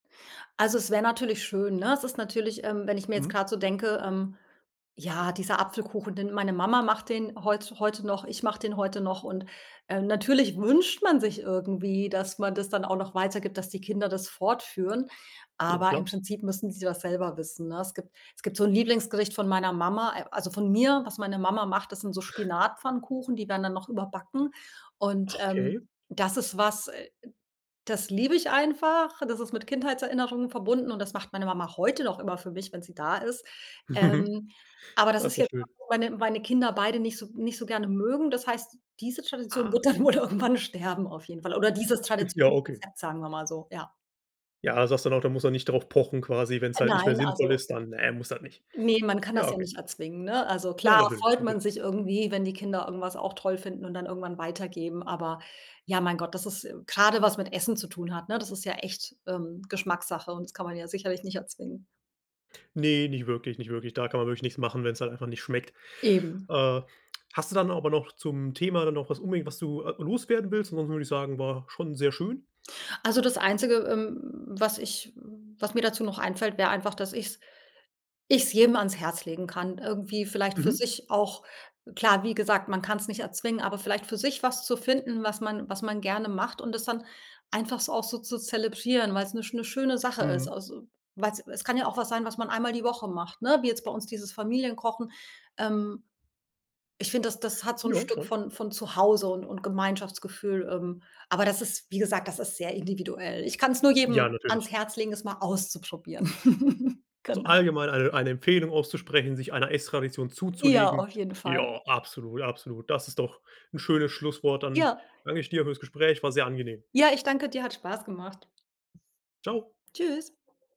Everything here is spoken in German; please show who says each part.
Speaker 1: Also, es wäre natürlich schön, ne? Es ist natürlich ähm, wenn ich mir jetzt
Speaker 2: Mhm.
Speaker 1: grad so denke, ähm, ja, dieser Apfelkuchen, den meine Mama macht, den heutzu heute noch ich mache den heute noch und, äh, natürlich wünscht man sich irgendwie, dass man das dann auch noch weitergibt, dass die Kinder das fortführen,
Speaker 2: Ja,
Speaker 1: aber im
Speaker 2: klar.
Speaker 1: Prinzip müssen sie das selber wissen, ne? Es gibt es gibt so 'n Lieblingsgericht von meiner Mama äh, also von mir, was meine Mama macht. Das sind so Spinatpfannkuchen, die werden dann noch überbacken und,
Speaker 2: Okay.
Speaker 1: ähm, das ist was, äh, das liebe ich einfach, das ist mit Kindheitserinnerungen verbunden und das macht meine Mama heute noch immer für mich, wenn sie da ist,
Speaker 2: Mhm.
Speaker 1: ähm, aber das
Speaker 2: Ah, ist
Speaker 1: ist
Speaker 2: ja
Speaker 1: jetzt
Speaker 2: schön.
Speaker 1: was, wo meine meine Kinder beide nicht so nicht so gerne mögen. Das heißt, diese Tradition
Speaker 2: Ah.
Speaker 1: wird dann wohl irgendwann sterben, auf jeden Fall oder dieses
Speaker 2: Ja, okay.
Speaker 1: Traditionsrezept, sagen wir mal so. Ja.
Speaker 2: Ja, du sagst dann auch, da muss man nicht darauf pochen quasi, wenn es halt nicht mehr
Speaker 1: Nein,
Speaker 2: sinnvoll
Speaker 1: also
Speaker 2: ist, dann, ne, muss das nicht.
Speaker 1: ne, man kann
Speaker 2: Ja,
Speaker 1: das ja
Speaker 2: okay.
Speaker 1: nicht erzwingen, ne? Also
Speaker 2: Ja
Speaker 1: klar,
Speaker 2: natürlich,
Speaker 1: freut man
Speaker 2: natürlich.
Speaker 1: sich irgendwie, wenn die Kinder irgendwas auch toll finden und dann irgendwann weitergeben, aber ja, mein Gott, das ist äh, grade was mit Essen zu tun hat, ne, das ist ja echt, ähm, Geschmackssache und das kann man ja sicherlich nicht erzwingen.
Speaker 2: Ne, nicht wirklich, nicht wirklich. Da kann man wirklich nichts machen, wenn's halt einfach nicht schmeckt.
Speaker 1: Eben.
Speaker 2: Äh, hast du dann aber noch zum Thema dann noch was unbedingt, was du, äh, loswerden willst? Ansonsten würde ich sagen, war schon sehr schön.
Speaker 1: Also, das Einzige, ähm, was ich was mir dazu noch einfällt, wäre einfach, dass ich es ich es jedem ans Herz legen kann, irgendwie vielleicht für
Speaker 2: Mhm.
Speaker 1: sich auch klar, wie gesagt, man kann's nicht erzwingen, aber vielleicht für sich was zu finden, was man was man gerne macht und das dann einfach so auch so zu zelebrieren, weil es 'ne 'ne schöne Sache ist,
Speaker 2: Mhm.
Speaker 1: also, weil es es kann ja auch was sein, was man einmal die Woche macht, ne, wie jetzt bei uns dieses Familienkochen, ähm. Ich finde, das das hat so 'n
Speaker 2: Ja,
Speaker 1: Stück
Speaker 2: schon.
Speaker 1: von von zu Hause und und Gemeinschaftsgefühl, ähm, aber das ist wie gesagt, das ist sehr individuell. Ich kann es nur
Speaker 2: Ja
Speaker 1: jedem
Speaker 2: natürlich.
Speaker 1: ans Herz legen, es mal auszuprobieren.
Speaker 2: Also,
Speaker 1: Genau.
Speaker 2: allgemein eine eine Empfehlung auszusprechen, sich einer Ess-Tradition
Speaker 1: Ja,
Speaker 2: zuzulegen.
Speaker 1: auf jeden Fall.
Speaker 2: Ja, absolut absolut, das ist doch 'n schönes Schlusswort. Dann
Speaker 1: Ja.
Speaker 2: danke ich dir für das Gespräch, war sehr angenehm.
Speaker 1: Ja, ich danke dir. Hat Spaß gemacht.
Speaker 2: Tschau.
Speaker 1: Tschüss.